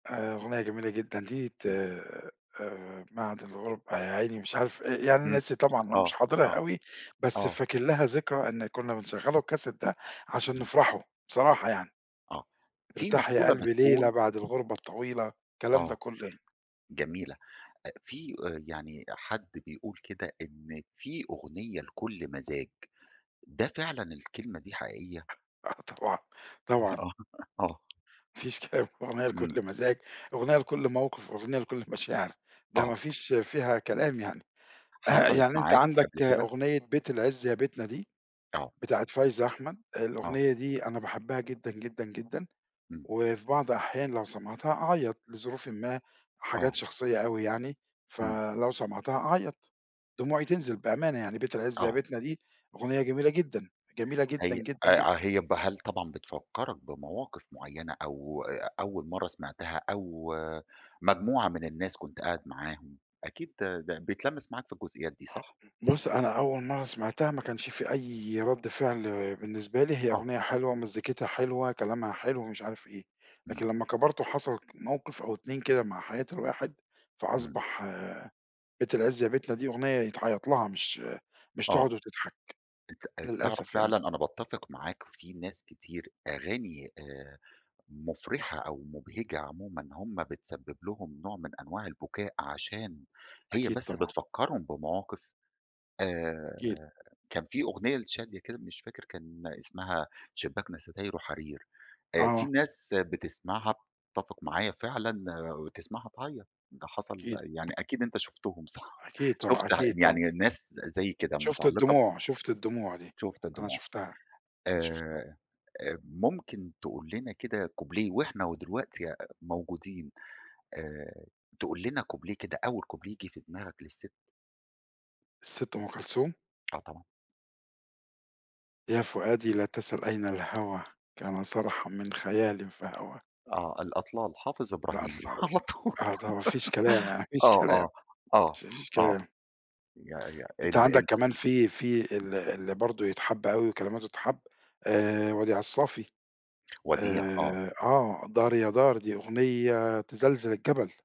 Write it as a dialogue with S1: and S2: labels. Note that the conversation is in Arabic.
S1: آآ، أغنية جميلة جدًا دي ت
S2: إمم.
S1: آآ، بعد الغُربة يا عيني مش عارف آآ، يعني
S2: إمم،
S1: ناسي طبعًا أنا
S2: آه،
S1: مش حاضرها
S2: آه،
S1: أوي، بس
S2: آه.
S1: فاكر لها ذكرى إن كنّا بنشغّل الكاسيت ده عشان
S2: إمم.
S1: نفرح، بصراحة يعني.
S2: آه، في
S1: ارتاح يا
S2: مقولة
S1: قلبي ليلة
S2: بتقول
S1: بعد الغُربة الطويلة، الكلام ده
S2: آه،
S1: كُلّه يعني.
S2: جميلة أ في آآ، يعني حد بيقول كده إن في أغنية لكل مزاج، ده فعلًا الكلمة دي حقيقية؟
S1: آه طبعًا،
S2: آه،
S1: طبعًا.
S2: آه.
S1: ما فيش [unintelligible] أغنية
S2: إمم.
S1: لكل مزاج، أغنية لكل موقف، أغنية لكل مشاعر، ده ما
S2: آه.
S1: فيش فيها كلام يعني ه
S2: حصلت
S1: يعني أنت
S2: معاك قبل
S1: عندك
S2: كده؟
S1: أغنية بيت العزّ يا بيتنا دي،
S2: آه.
S1: بتاعة فايزة أحمد،
S2: آه.
S1: الأغنية دي أنا باحبها جدًا، جدًا، جدًا
S2: إمم.
S1: وفي بعض أحيان لو سمعتها أعيّط، لظروفٍ ما حاجات
S2: آه.
S1: شخصية أوي يعني،
S2: إمم.
S1: فلو سمعتها أعيّط دموعي تنزل بأمانة يعني، بيت العز يا
S2: آه.
S1: بيتنا دي أغنية جميلة جدًا جميلة جدًا،
S2: هي
S1: جدًا، جدًا.
S2: أي هي ب هل طبعًا بتفكّرك بمواقف معيّنة أو أ أ أول مرّه سمعتها أو مجموعة من الناس كنت قاعد معاهم، أكيد ده ده بتلمّس معاك في الجزئيات دي صح؟
S1: بُصّ، أنا أول مرّة سمعتها ما كانش في أي رَدّ فعل بالنسبة لي هي
S2: آه.
S1: أغنية حلوة، ومزّيكتها حلوة، كلامها حلو، ومش عارف إيه،
S2: إمم.
S1: لكن لمّا كبَرت وحصلت موقف أو 2 كده مع حياة الواحد،
S2: إمم.
S1: فأصبح بيت العز يا بيتنا دي أغنية يتعيّط لها، مش مش تقعُد
S2: آه،
S1: وتضحك،
S2: أنت أنت تعرف
S1: للأسف يعني.
S2: فعلًا أنا باتفق معاك في ناس كتير أغاني آآ، مُفرحة أو مُبهجة عمومًا، هم بتسبّب لهم نوع من أنواع البكاء، عشان هي
S1: أكيد
S2: بس
S1: طبعًا.
S2: بتفكّرهم بمواقف آآ،
S1: أكيد.
S2: كان في أغنية لشادية كده مش فاكر كان اسمها شباكنا ستايرُه حرير آآ، في
S1: آه.
S2: ناس بتسمعها تتفق معايا فعلًا وتسمعها تعيّط ده حصل
S1: أكيد.
S2: يعني أكيد أنت شُفتهم صح؟
S1: أكيد
S2: شُفت
S1: طبعًا
S2: ح
S1: أكيد
S2: يعني ي
S1: طبعًا.
S2: ناس ز زيي كده
S1: شُفت
S2: متعلّقة بق
S1: الدموع، شُفت الدموع دي،
S2: شُفت
S1: أنا
S2: الدموع
S1: شُفتها أنا
S2: آآ
S1: شُفتها.
S2: آآ ممكن تقول لنا كده كوبليه وإحنا ودلوقتي يا موجودين آآ، تقول لنا كوبليه كده أول كوبليه ييجي في دماغك للست.
S1: الست أم كلثوم؟
S2: آه طبعًا.
S1: يا فؤادي لا تسَل أين الهوى كان صرحًا من خيالٍ فهوى.
S2: آه، الأطلال حافظ إبراهيم،
S1: الأطلال،
S2: على طول
S1: آه طبعًا، ما فيش كلام يعني، ما فيش
S2: آه،
S1: كلام
S2: آه،
S1: [unintelligible] ما
S2: آه،
S1: فيش
S2: آه،
S1: كلام.
S2: يا يا
S1: أنت
S2: ال
S1: عندك
S2: ال
S1: كمان في في اللي اللي برضه يتحب أوي وكلماتُه تتحب آآ، وديع الصافي
S2: وديع، آه.
S1: آآ، آه، دار يا دار، دي أغنية تزلزل الجبل.